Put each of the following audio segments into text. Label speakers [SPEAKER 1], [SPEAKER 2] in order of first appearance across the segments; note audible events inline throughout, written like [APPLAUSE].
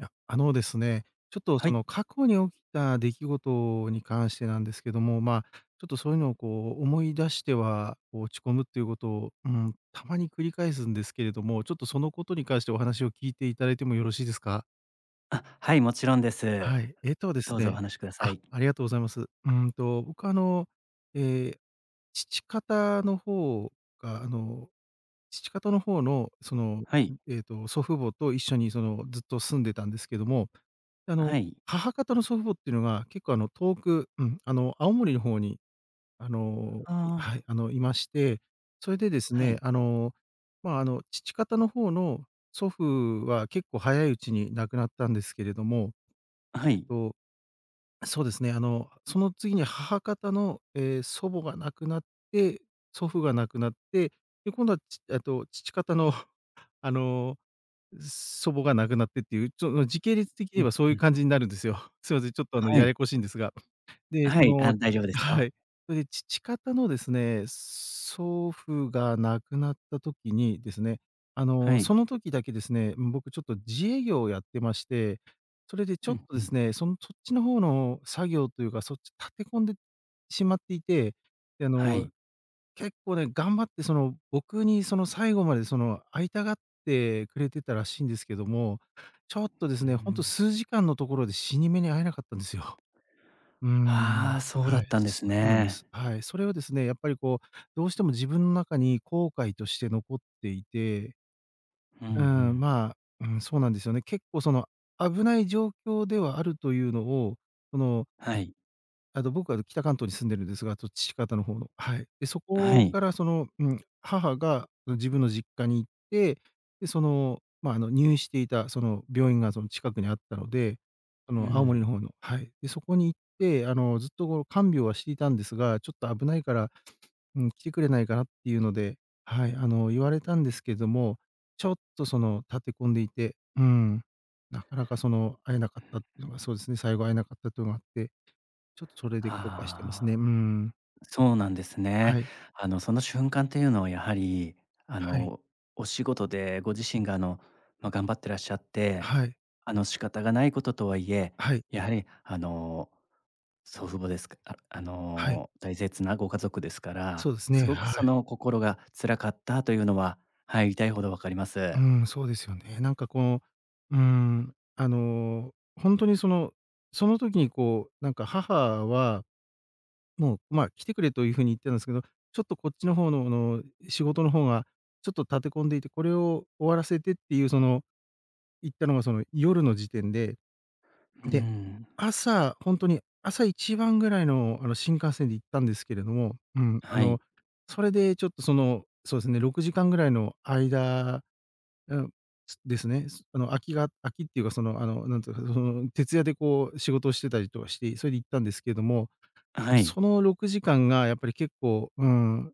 [SPEAKER 1] いや、あのですね、ちょっと
[SPEAKER 2] は
[SPEAKER 1] そ
[SPEAKER 2] い。
[SPEAKER 1] の過去に起きた出来事に関してなんですけども、まあ、ちょっとそういうのをこう思い出しては、こう落ち込むっていう事を、うん、たまに繰り返すんですけれども、ちょっとその事に関してお話を聞いて頂いてもよろしいですか？
[SPEAKER 2] あ、はい、もちろんです。
[SPEAKER 1] はい。ええとです
[SPEAKER 2] どうぞお
[SPEAKER 1] ね
[SPEAKER 2] 話しくださ
[SPEAKER 1] あ
[SPEAKER 2] い。
[SPEAKER 1] ありがとうございます。うんと、僕はあの、ええ、父方の方が、あの父方の方のその、ん、
[SPEAKER 2] はい。
[SPEAKER 1] ええと祖父母と一緒にそのずっと住んでたんですけども、あ
[SPEAKER 2] は
[SPEAKER 1] の
[SPEAKER 2] い。
[SPEAKER 1] 母方の祖父母ってのが結構あの遠く、うん、あの、青森の方にあの、
[SPEAKER 2] あ
[SPEAKER 1] いは
[SPEAKER 2] あ。
[SPEAKER 1] い、あのいまして、それでです
[SPEAKER 2] はい。
[SPEAKER 1] ね、あの、まあ、あの父方の方の祖父は結構早いうちに亡くなったんですけれども、
[SPEAKER 2] あ、は
[SPEAKER 1] えっ
[SPEAKER 2] い。
[SPEAKER 1] と、そうですね、あの、その次に母方の、ええ、祖母が亡くなって、祖父が亡くなって、で今度は、ちええと父方の、あの、う、祖母が亡くなってっていう、ちょっ、の、時系列的に言
[SPEAKER 2] う
[SPEAKER 1] え
[SPEAKER 2] ん
[SPEAKER 1] ばそうい
[SPEAKER 2] う
[SPEAKER 1] う
[SPEAKER 2] ん。
[SPEAKER 1] 感じになるんですよ。すいません、ちょっとあの
[SPEAKER 2] は
[SPEAKER 1] や
[SPEAKER 2] い。
[SPEAKER 1] やこしいんですが。で、
[SPEAKER 2] は
[SPEAKER 1] そ
[SPEAKER 2] い。
[SPEAKER 1] の
[SPEAKER 2] あ、大丈夫で
[SPEAKER 1] あ、
[SPEAKER 2] す
[SPEAKER 1] は
[SPEAKER 2] よ。
[SPEAKER 1] い。それで父方のですね、祖父が亡くなった時にですね、あ
[SPEAKER 2] は
[SPEAKER 1] の、
[SPEAKER 2] い。
[SPEAKER 1] その時だけですね、うん、僕ちょっと自営業をやってまして、それでちょ
[SPEAKER 2] ふ
[SPEAKER 1] っ
[SPEAKER 2] ん
[SPEAKER 1] と
[SPEAKER 2] ふ
[SPEAKER 1] です
[SPEAKER 2] ん。
[SPEAKER 1] ね、そのそっちの方の作業というか、そっち立て込んでしまっていて、であ
[SPEAKER 2] は
[SPEAKER 1] の、
[SPEAKER 2] い。
[SPEAKER 1] 結構ね、頑張ってその僕にその最後までその会いたがってくれてたらしいんですけども、ちょっとで
[SPEAKER 2] うー
[SPEAKER 1] すね、ほんと
[SPEAKER 2] ん。
[SPEAKER 1] 数時間のところで死に目に会えなかったんですよ。うー
[SPEAKER 2] は
[SPEAKER 1] ん。
[SPEAKER 2] あ、そうだ
[SPEAKER 1] はい。
[SPEAKER 2] ったんで
[SPEAKER 1] そ
[SPEAKER 2] す
[SPEAKER 1] うなんで
[SPEAKER 2] ね。
[SPEAKER 1] す、はい。それはですね、やっぱりこう、どうしても自分の中に後悔として残っていて
[SPEAKER 2] ふ
[SPEAKER 1] うー
[SPEAKER 2] んふ
[SPEAKER 1] ん、
[SPEAKER 2] ん。
[SPEAKER 1] まあ、うん、そうなんですよね。結構その危ない状況ではあるというのを、この
[SPEAKER 2] はい。
[SPEAKER 1] あの、僕は北関東に住んでるんですが、と父方の方の、はい。で、そ
[SPEAKER 2] は
[SPEAKER 1] こか
[SPEAKER 2] い。
[SPEAKER 1] らそのうん、母が自分の実家に行って、で、その、まあ、あの、入院していたその病院がその近くにあったので、あ
[SPEAKER 2] う
[SPEAKER 1] の、青森
[SPEAKER 2] ん。
[SPEAKER 1] の方の、はい。で、そこに行ってあの、ずっとこう看病はしていたんですが、ちょっと危ないから、うん、来てくれないかなっていうので、はい、あの、言われたんですけども、ちょっとその立て込んでいて、うん、中々その、会えなかったっていうのが、そうですね、最後会えなかったっていうのがあって。ちょっとそれで後悔してますね。
[SPEAKER 2] あ
[SPEAKER 1] う
[SPEAKER 2] あ。
[SPEAKER 1] ん。
[SPEAKER 2] そうなんですね。
[SPEAKER 1] はい。
[SPEAKER 2] あのその瞬間っていうのはやはり、あ
[SPEAKER 1] はい。
[SPEAKER 2] の、お仕事でご自身があのまあ、頑張ってらっしゃって、
[SPEAKER 1] はい。
[SPEAKER 2] あの仕方がないこととはいえ、
[SPEAKER 1] はい。
[SPEAKER 2] やはりあの、祖父母ですか、ああ
[SPEAKER 1] はい。
[SPEAKER 2] の、大切なご家族ですから、
[SPEAKER 1] そうです
[SPEAKER 2] す
[SPEAKER 1] ね、
[SPEAKER 2] ごく
[SPEAKER 1] は
[SPEAKER 2] そ
[SPEAKER 1] い。
[SPEAKER 2] の心が辛かったというのは、はい、痛いほどわかりま
[SPEAKER 1] う
[SPEAKER 2] す。
[SPEAKER 1] ん、そうですよね。なんかこう、うん、あの、ほんとにそのその時にこうなんか母はもう、まあ、来てくれという風に言ってたんですけど、ちょっとこっちの方の、あの、仕事の方がちょっと立て込んでいて、これを終わらせてっていうその行ったのが、その夜の時点で。
[SPEAKER 2] うー
[SPEAKER 1] で、
[SPEAKER 2] ん。
[SPEAKER 1] 朝、ほんとに、朝一番ぐらいのあの新幹線で行ったんですけれども。うん、あ
[SPEAKER 2] は
[SPEAKER 1] の、
[SPEAKER 2] い。
[SPEAKER 1] それでちょっとその、そうですね、6時間くらいの間、うん、ですね。あの、空きが空きっていうか、そのあのなんて言うか、その徹夜でこう仕事をしてたりとかして、それで行ったんですけれども、
[SPEAKER 2] は
[SPEAKER 1] そ
[SPEAKER 2] い。
[SPEAKER 1] の6時間がやっぱり結構、うん、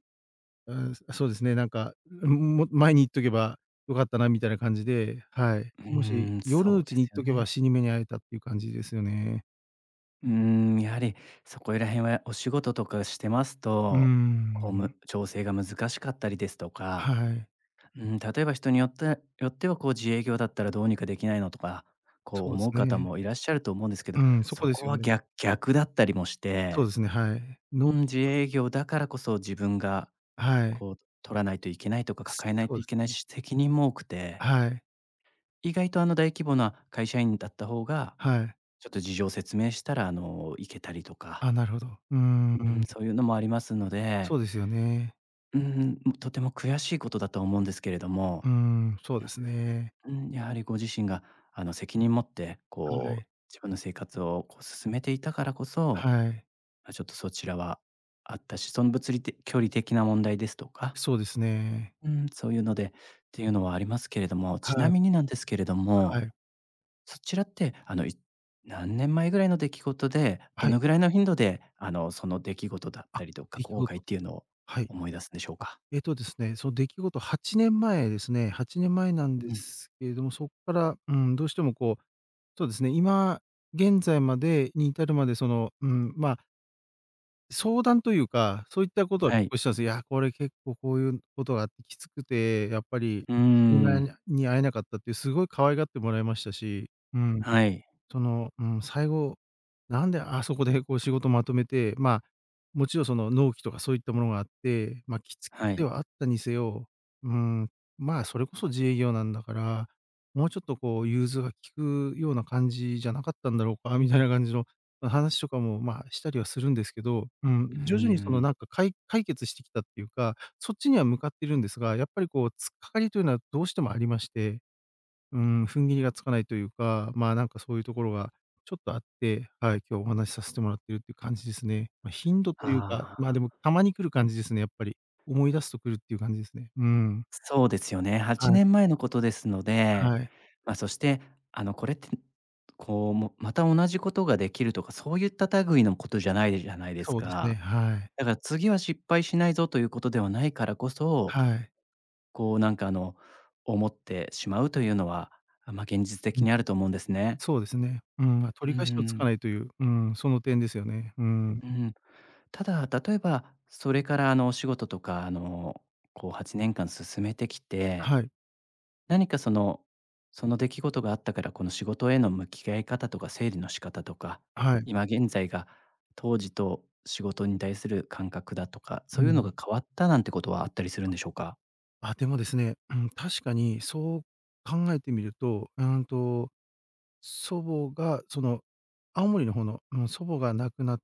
[SPEAKER 1] うん、あ、そうですね。なんか、ううーん、もっと前に行っておけば良かったなみたいな感じで、はい。
[SPEAKER 2] う
[SPEAKER 1] もし
[SPEAKER 2] ーん、
[SPEAKER 1] 夜の
[SPEAKER 2] そ
[SPEAKER 1] う
[SPEAKER 2] うで
[SPEAKER 1] ちに
[SPEAKER 2] す
[SPEAKER 1] 行っ
[SPEAKER 2] よ
[SPEAKER 1] ておけば
[SPEAKER 2] ね。
[SPEAKER 1] 死に目に会えたっていう感じですよね。
[SPEAKER 2] うーん、やはりそこいら辺はお仕事とかしてます
[SPEAKER 1] うー
[SPEAKER 2] と、こう
[SPEAKER 1] ん。
[SPEAKER 2] む調整が難しかったりですと
[SPEAKER 1] は
[SPEAKER 2] か、
[SPEAKER 1] い。
[SPEAKER 2] うーん、例えば人によってよってはこう自営業だったらどうにかできないのとか、こう
[SPEAKER 1] そうで
[SPEAKER 2] 思
[SPEAKER 1] す
[SPEAKER 2] う方
[SPEAKER 1] ね。
[SPEAKER 2] もいらっしゃると思うんですけど、
[SPEAKER 1] うん、そ
[SPEAKER 2] そ
[SPEAKER 1] こで
[SPEAKER 2] こ
[SPEAKER 1] すよ
[SPEAKER 2] はぎ
[SPEAKER 1] ね。
[SPEAKER 2] ゃ逆だったりもし
[SPEAKER 1] そう
[SPEAKER 2] て、
[SPEAKER 1] ですね、はい。
[SPEAKER 2] う
[SPEAKER 1] 納
[SPEAKER 2] ん、
[SPEAKER 1] 期
[SPEAKER 2] 自
[SPEAKER 1] とかっ
[SPEAKER 2] 営
[SPEAKER 1] てひ
[SPEAKER 2] 業だからこそ、自分が
[SPEAKER 1] はい。
[SPEAKER 2] こう取らないといけないとか、抱えない
[SPEAKER 1] そう
[SPEAKER 2] と
[SPEAKER 1] で
[SPEAKER 2] いけ
[SPEAKER 1] す
[SPEAKER 2] ない
[SPEAKER 1] ね。
[SPEAKER 2] し、責任も多くて
[SPEAKER 1] はい。
[SPEAKER 2] 意外と、あの、大規模な会社員だった方が、
[SPEAKER 1] はい。
[SPEAKER 2] ちょっと事情を説明したら、あの、行けたりとか
[SPEAKER 1] あ、なるほど。うん
[SPEAKER 2] う
[SPEAKER 1] う
[SPEAKER 2] ん、
[SPEAKER 1] ん。
[SPEAKER 2] そういうのもありますので
[SPEAKER 1] そうですよね。
[SPEAKER 2] うーん、ん、とても悔しいことだと思うんですけれど
[SPEAKER 1] う
[SPEAKER 2] も
[SPEAKER 1] ーん、そうですね。
[SPEAKER 2] うん、やはりご自身が、あの責任持って、
[SPEAKER 1] は
[SPEAKER 2] こ
[SPEAKER 1] い。
[SPEAKER 2] う、自分の生活をこう進めていたからこそ、
[SPEAKER 1] はい。
[SPEAKER 2] まちょっとそちらはあったし、その物理的距離的な問題ですとか、
[SPEAKER 1] そうですね。
[SPEAKER 2] うん、そういうので、ていうのはありますけれども、
[SPEAKER 1] は
[SPEAKER 2] ちな
[SPEAKER 1] い。
[SPEAKER 2] みになんですけれど
[SPEAKER 1] は
[SPEAKER 2] も、
[SPEAKER 1] い。
[SPEAKER 2] そちらって、あのい何年前ぐらいの出来事で、ど
[SPEAKER 1] はい。
[SPEAKER 2] の位の頻度で、あのその出来事だっ
[SPEAKER 1] あ、
[SPEAKER 2] たりとか、
[SPEAKER 1] 出来
[SPEAKER 2] 後
[SPEAKER 1] 事
[SPEAKER 2] 悔
[SPEAKER 1] と
[SPEAKER 2] っ
[SPEAKER 1] か、
[SPEAKER 2] ていうのを
[SPEAKER 1] はい。
[SPEAKER 2] 思い出すんでしょう
[SPEAKER 1] あ、
[SPEAKER 2] か？
[SPEAKER 1] えっとですね、その出来事8年前ですね、8年前なんで
[SPEAKER 2] うん。
[SPEAKER 1] すけれども、そっから、うーん、どうしてもこう、そうですね、今、現在までに至るまでその、うーん、まあ。相談というか、そういったことは
[SPEAKER 2] は
[SPEAKER 1] 結
[SPEAKER 2] い。
[SPEAKER 1] 構したんすよ。いや、これ結構こういうことがあってきつくて、やっぱり、
[SPEAKER 2] うー
[SPEAKER 1] 死に目
[SPEAKER 2] ん。
[SPEAKER 1] にゃに会えなかったっていう、すごい可愛がってもらいましたし、うん。
[SPEAKER 2] はい。
[SPEAKER 1] その、うん、最後、なんであそこでこう、仕事まとめて、まあ、もちろん、その、納期とかそういったものがあって、ま、きつき
[SPEAKER 2] は
[SPEAKER 1] つで
[SPEAKER 2] い。
[SPEAKER 1] はあったにせよ、うーん、まあ、それこそ自営業なんだから、もうちょっとこう融通が利くような感じじゃなかったんだろうか、みたいな感じの話とかも、まあ、したりはするんですけど。う
[SPEAKER 2] う
[SPEAKER 1] ん、
[SPEAKER 2] ー
[SPEAKER 1] 徐々にその
[SPEAKER 2] ん。
[SPEAKER 1] なんか、かい解決してきたっていうか、そっちには向かっているんですが、やっぱりこう突っ掛かりというのはどうしてもありまして。うーん、踏ん切りがつかないというか、まあ、なんかそういう所がちょっとあって、はい、今日お話しさせてもらってるっていう感じですね。ま、頻度というか、
[SPEAKER 2] あ
[SPEAKER 1] ま、で
[SPEAKER 2] あ。
[SPEAKER 1] もたまに来る感じですね、やっぱり。思い出すとくるっていう感じですね。うーん。
[SPEAKER 2] そうですよね、は
[SPEAKER 1] は
[SPEAKER 2] ち
[SPEAKER 1] い。
[SPEAKER 2] ねんまえのことですので、
[SPEAKER 1] はい。
[SPEAKER 2] ま、そして、あの、これって、こうもまた同じことが出来るとか、そういった類のことじゃないじゃないです
[SPEAKER 1] そうです
[SPEAKER 2] か。
[SPEAKER 1] ね。はい。
[SPEAKER 2] だから次は失敗しないぞということではないからこそ、
[SPEAKER 1] はい。
[SPEAKER 2] こうなんかあの思ってしまうというのは、ま、現実
[SPEAKER 1] う
[SPEAKER 2] 的
[SPEAKER 1] ん。
[SPEAKER 2] にあると思うんですね。
[SPEAKER 1] そうですね。うーん。ま、
[SPEAKER 2] うー
[SPEAKER 1] 取り返しのつか
[SPEAKER 2] ん。
[SPEAKER 1] ないという、うーん、その点ですよね。うーん。
[SPEAKER 2] うん。ただ、例えば、それから、あの、お仕事とか、あの、こう8年間進めてきて、
[SPEAKER 1] はい。
[SPEAKER 2] 何かその、その出来事があったから、この仕事への向き合い方とか、整理の仕方とか、
[SPEAKER 1] はい。
[SPEAKER 2] 今現在が当時と仕事に対する感覚だとか、
[SPEAKER 1] う
[SPEAKER 2] そ
[SPEAKER 1] ー
[SPEAKER 2] ういうのが
[SPEAKER 1] ん。
[SPEAKER 2] 変わったなんてことはあったりするんでしょうか？
[SPEAKER 1] あ、でもですね、うん、確かにそう考えてみると、うんと、祖母が、その青森の方の、あの、祖母が亡くなっ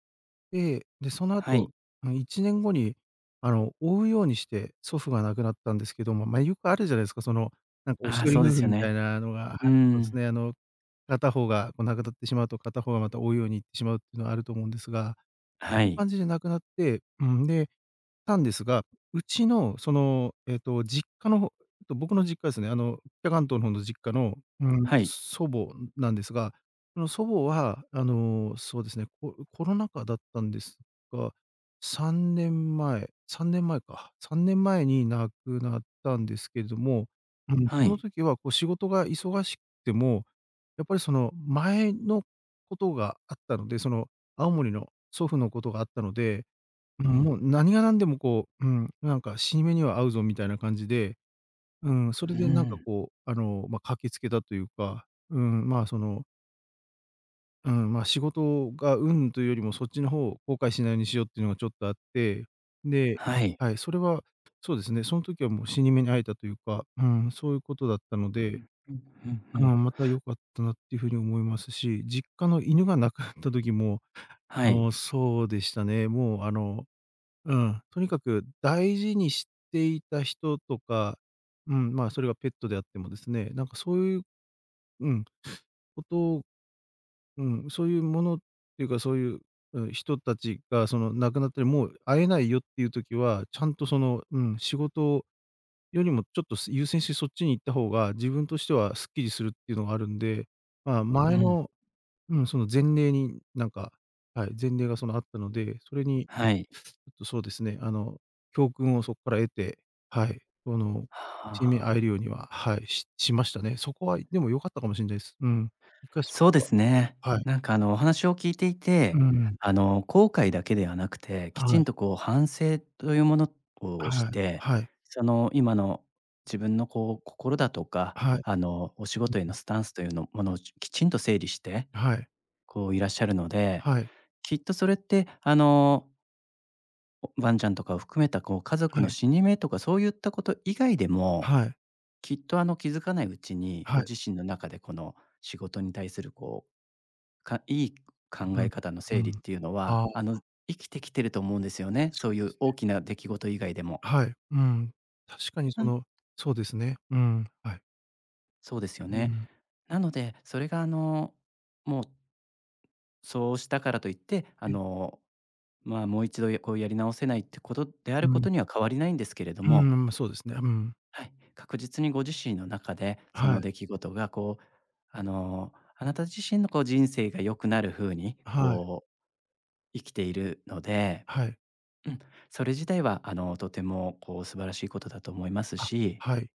[SPEAKER 1] て、で、その
[SPEAKER 2] は
[SPEAKER 1] 後、
[SPEAKER 2] い。
[SPEAKER 1] ま、1年後に、あの、追うようにして祖父が亡くなったんですけども、まあ、よくあるじゃないですか、その、なんか、おし
[SPEAKER 2] ああ、
[SPEAKER 1] ど
[SPEAKER 2] そ
[SPEAKER 1] り
[SPEAKER 2] うで
[SPEAKER 1] 夫婦
[SPEAKER 2] すよ
[SPEAKER 1] みたい
[SPEAKER 2] ね。
[SPEAKER 1] なのがはい、
[SPEAKER 2] うー
[SPEAKER 1] そうです
[SPEAKER 2] ん。
[SPEAKER 1] ね。あの、片方がこう亡くなってしまうと、片方がまた追うように逝ってしまうっていうのはあると思うんですが。
[SPEAKER 2] は
[SPEAKER 1] そういう
[SPEAKER 2] い。
[SPEAKER 1] 感じで亡くなって、うん、でたんですが、うちの、その、えっと、実家の方、と、僕の実家ですね、あの北関東の方の実家の、うーん、
[SPEAKER 2] はい。
[SPEAKER 1] 祖母なんですが、その祖母は、あの、そうですね、ココロナ禍だったんですが、3年前3年前か3年前に亡くなったんですけれども、うん、
[SPEAKER 2] は
[SPEAKER 1] その
[SPEAKER 2] い。
[SPEAKER 1] 時はこう仕事が忙しくても、やっぱりその前の事があったので、その青森の祖父の事があったので、う
[SPEAKER 2] う
[SPEAKER 1] ん、
[SPEAKER 2] ん。
[SPEAKER 1] もう何がなんでもこう、うん、なんか死に目には会うぞみたいな感じで。うん、それ
[SPEAKER 2] うー
[SPEAKER 1] でなんか
[SPEAKER 2] ん。
[SPEAKER 1] こう、あの、まあ、駆けつけたというか、うーん、まあ、そのうん、ま、仕事がうん、というよりも、そっちの方を後悔しないようにしようっていうのがちょっとあって。で、
[SPEAKER 2] はい。
[SPEAKER 1] はい、それはそうですね、そん時はもう死に目に会えたというか、うん、そういう事だったの
[SPEAKER 2] う
[SPEAKER 1] で。
[SPEAKER 2] んうんうんう
[SPEAKER 1] う
[SPEAKER 2] ん。
[SPEAKER 1] ん、また良かったなっていう風に思いますし、実家の犬が亡くなった時も、
[SPEAKER 2] は
[SPEAKER 1] あ
[SPEAKER 2] い。
[SPEAKER 1] の、そうでしたね。もう、あの、うん、とにかく大事に知っていた人とか、うん、まあ、それはペットであってもですね、なんかそういう、うん、こと、うん、そういうものっていうか、そういう、うん、人達がその、亡くなって、もう会えないよっていう時は、ちゃんとその、うん、仕事よりもちょっと優先してそっちに行った方が、自分としてはスッキリするっていうのがあるんで、まあ、
[SPEAKER 2] う
[SPEAKER 1] 前
[SPEAKER 2] ん。
[SPEAKER 1] の、うん、その前例になんか、はい、前例がその、あったので、それに、
[SPEAKER 2] はい。
[SPEAKER 1] ちょっと、そうですね、あの、教訓をそこから得て、はい、その、
[SPEAKER 2] は
[SPEAKER 1] 死に目に会え
[SPEAKER 2] あ。
[SPEAKER 1] るようには、はい、ししましたね。そこはでも良かったかもしんないす。うん。いかしっ
[SPEAKER 2] そうで
[SPEAKER 1] ぱっ
[SPEAKER 2] す
[SPEAKER 1] て、
[SPEAKER 2] ね。
[SPEAKER 1] はい。
[SPEAKER 2] なんかあのお話を聞いてい
[SPEAKER 1] う
[SPEAKER 2] て、
[SPEAKER 1] ん。
[SPEAKER 2] あの、後悔だけではなくて、きち
[SPEAKER 1] はい。
[SPEAKER 2] んとこう反省というものをし
[SPEAKER 1] はい
[SPEAKER 2] て、
[SPEAKER 1] はい。
[SPEAKER 2] その今の自分のこう心だとか、
[SPEAKER 1] はい。
[SPEAKER 2] あの、お仕
[SPEAKER 1] う
[SPEAKER 2] 事への
[SPEAKER 1] ん。
[SPEAKER 2] スタンスというのものをきちんと整理して、
[SPEAKER 1] はい。
[SPEAKER 2] こういらっしゃるので、
[SPEAKER 1] はい。
[SPEAKER 2] きっとそれって、あのおワンちゃんとかを含めた、こう家族
[SPEAKER 1] は
[SPEAKER 2] の
[SPEAKER 1] い。
[SPEAKER 2] 死に目とか、そういったこと以外でも、
[SPEAKER 1] はい。
[SPEAKER 2] きっとあの、気づかないうちに、
[SPEAKER 1] は
[SPEAKER 2] ご
[SPEAKER 1] い。
[SPEAKER 2] 自身の中でこの仕事に対するこう、かいい考
[SPEAKER 1] う
[SPEAKER 2] え
[SPEAKER 1] ん、
[SPEAKER 2] 方の
[SPEAKER 1] う
[SPEAKER 2] 整理っ
[SPEAKER 1] ん、
[SPEAKER 2] ていうのは、
[SPEAKER 1] あ
[SPEAKER 2] あ
[SPEAKER 1] あ。
[SPEAKER 2] の、生きてきてると思うんですよね、
[SPEAKER 1] そ
[SPEAKER 2] そうい
[SPEAKER 1] うで
[SPEAKER 2] う
[SPEAKER 1] す
[SPEAKER 2] 大
[SPEAKER 1] ね。
[SPEAKER 2] きな出来事以外でも。
[SPEAKER 1] はい。うん。確かに
[SPEAKER 2] う
[SPEAKER 1] そ
[SPEAKER 2] ん。
[SPEAKER 1] のそうですね。うん、はい。
[SPEAKER 2] そうですよ
[SPEAKER 1] う
[SPEAKER 2] ね。
[SPEAKER 1] ん。
[SPEAKER 2] なので、それがあの、もうそうしたからといって、あ
[SPEAKER 1] はい。
[SPEAKER 2] の、ま、もう1度こうやり直せないってことであ
[SPEAKER 1] う
[SPEAKER 2] るこ
[SPEAKER 1] ん。
[SPEAKER 2] とには変わりないんですけれど
[SPEAKER 1] うん、ま
[SPEAKER 2] も
[SPEAKER 1] ま、そうですね。うん。
[SPEAKER 2] はい、確実にご自身の中で、そ
[SPEAKER 1] は
[SPEAKER 2] の
[SPEAKER 1] い。
[SPEAKER 2] 出来事がこう、あの、あなた自身のこう人生が良くなる風に、
[SPEAKER 1] はい。
[SPEAKER 2] こう生きているので、
[SPEAKER 1] はい。
[SPEAKER 2] うん、それ自体は、あのとてもこう素晴らしいことだと思います
[SPEAKER 1] あ、
[SPEAKER 2] し
[SPEAKER 1] はい。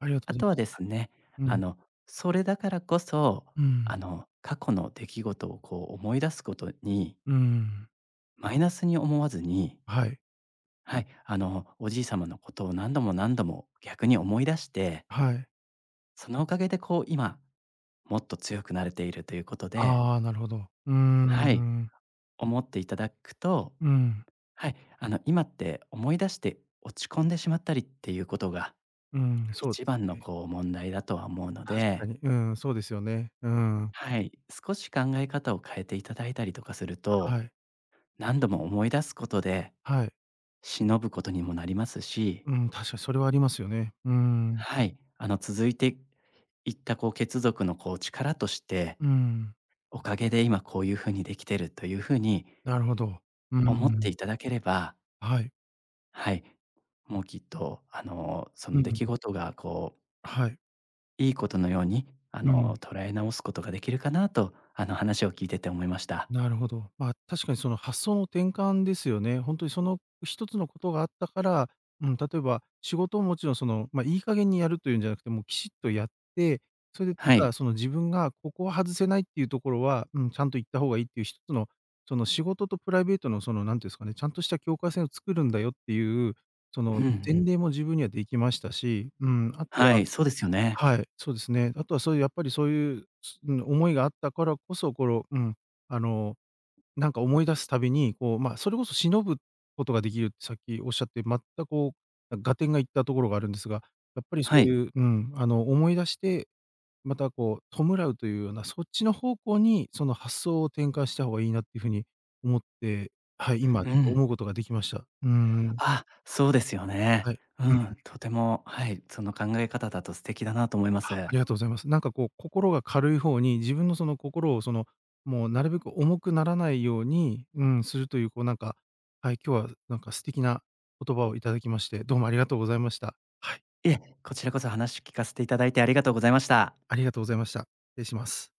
[SPEAKER 1] ありがとうご
[SPEAKER 2] あ
[SPEAKER 1] ざい
[SPEAKER 2] と
[SPEAKER 1] ま
[SPEAKER 2] は
[SPEAKER 1] す。
[SPEAKER 2] で
[SPEAKER 1] はい。
[SPEAKER 2] すね、
[SPEAKER 1] う
[SPEAKER 2] あ
[SPEAKER 1] ん。
[SPEAKER 2] のそれだからこそ、
[SPEAKER 1] う
[SPEAKER 2] あ
[SPEAKER 1] ん。
[SPEAKER 2] の過去の出来事をこう思い出すことに
[SPEAKER 1] うん。
[SPEAKER 2] マイナスに思わずに
[SPEAKER 1] はい。
[SPEAKER 2] はい、あの、おじい様のことを何度も何度も逆に思い出して
[SPEAKER 1] はい。
[SPEAKER 2] そのおかげで、こう、今、もっと強くなれているということで
[SPEAKER 1] ああ、なるほど。うーん、う
[SPEAKER 2] はい。
[SPEAKER 1] ーん。
[SPEAKER 2] 思っていただくと、
[SPEAKER 1] うん。
[SPEAKER 2] はい、あの、今って思い出して落ち込んでしまったりってゆうことが、
[SPEAKER 1] うん、そうで
[SPEAKER 2] 一
[SPEAKER 1] す
[SPEAKER 2] 番の、
[SPEAKER 1] ね。
[SPEAKER 2] こう、問題だとは思うの
[SPEAKER 1] 確か
[SPEAKER 2] で
[SPEAKER 1] に。うん、そうですよね。うーん。
[SPEAKER 2] はい、少し考え方を変えていただいたりとかすると、
[SPEAKER 1] はい。
[SPEAKER 2] 何度も思い出すことで、
[SPEAKER 1] はい。
[SPEAKER 2] 偲ぶことにもなりますし
[SPEAKER 1] うん、確か、それはありますよね。うーん。
[SPEAKER 2] はい。あの、続いていった、こう、血族の、こう、力として、
[SPEAKER 1] うーん。
[SPEAKER 2] おかげで今こうゆう風にできてるとゆう風に
[SPEAKER 1] なるほど。うー
[SPEAKER 2] 思って
[SPEAKER 1] ん。
[SPEAKER 2] いただければ
[SPEAKER 1] はい。
[SPEAKER 2] はい。もうきっと、あの、そ
[SPEAKER 1] う
[SPEAKER 2] の
[SPEAKER 1] んう
[SPEAKER 2] 出来
[SPEAKER 1] ん。
[SPEAKER 2] 事がこう
[SPEAKER 1] はい。
[SPEAKER 2] いいことのように、あ
[SPEAKER 1] う
[SPEAKER 2] の、
[SPEAKER 1] ん。
[SPEAKER 2] 捉え直すことができるかなと、あの、話を聞いてて思いました。
[SPEAKER 1] なるほど。まあ、確かにその発想の転換ですよね。ほんとに、その、1つの事があったから、うん、例えば仕事をもちろん、その、ま、いい加減にやるというんじゃなくて、もう、きちっとやって、それで
[SPEAKER 2] は
[SPEAKER 1] た
[SPEAKER 2] い。
[SPEAKER 1] だその自分がここは外せないってゆう所は、うん、ちゃんといった方がいいっていう、一つの、その、仕事とプライベートの、その、なんて言うんすかね、ちゃんとした境界線を作るんだよってゆう、そ
[SPEAKER 2] うん
[SPEAKER 1] の
[SPEAKER 2] う
[SPEAKER 1] 前
[SPEAKER 2] ん。
[SPEAKER 1] 例も自分には出来ましたし、うん、後
[SPEAKER 2] は
[SPEAKER 1] は
[SPEAKER 2] い、そうですよね。
[SPEAKER 1] はい、そうですね。後はそうゆやっぱりそうゆう、うん、思いがあったからこそ、ころうん、あの、なんか思い出す度に、こう、ま、それこそ、偲ぶ事が出来るってさっき仰って、まった、こう、合点がいった所があるんですが、やっぱり
[SPEAKER 2] は
[SPEAKER 1] そう
[SPEAKER 2] い。
[SPEAKER 1] ゆう、うん、あの、思い出して、また、こう、弔うという様な、そっちの方向に、その、発想を転換した方がいいなって風に思って、はい、今
[SPEAKER 2] う
[SPEAKER 1] ちょっと
[SPEAKER 2] ん。
[SPEAKER 1] 思う事が出来ました。うんうん。
[SPEAKER 2] あ、そうですよね。
[SPEAKER 1] はい、
[SPEAKER 2] う
[SPEAKER 1] うんうん。
[SPEAKER 2] ん、とても、はい、その考え方だと素敵だなと思いま
[SPEAKER 1] は、あ
[SPEAKER 2] す。
[SPEAKER 1] りがとうございます。なんかこう、心が軽い方に、自分の、その、心を、その、もうなるべく重くならないように、うん、するという、こうなんかはい、今日はなんか素敵な言葉を頂きまして、どうもありがとうございました。はい。
[SPEAKER 2] いえ、こちらこそ話聞かせていただいてありがとうございまし
[SPEAKER 1] [UNINTELLIGIBLE]
[SPEAKER 2] た。
[SPEAKER 1] ありがとうございました。失礼します。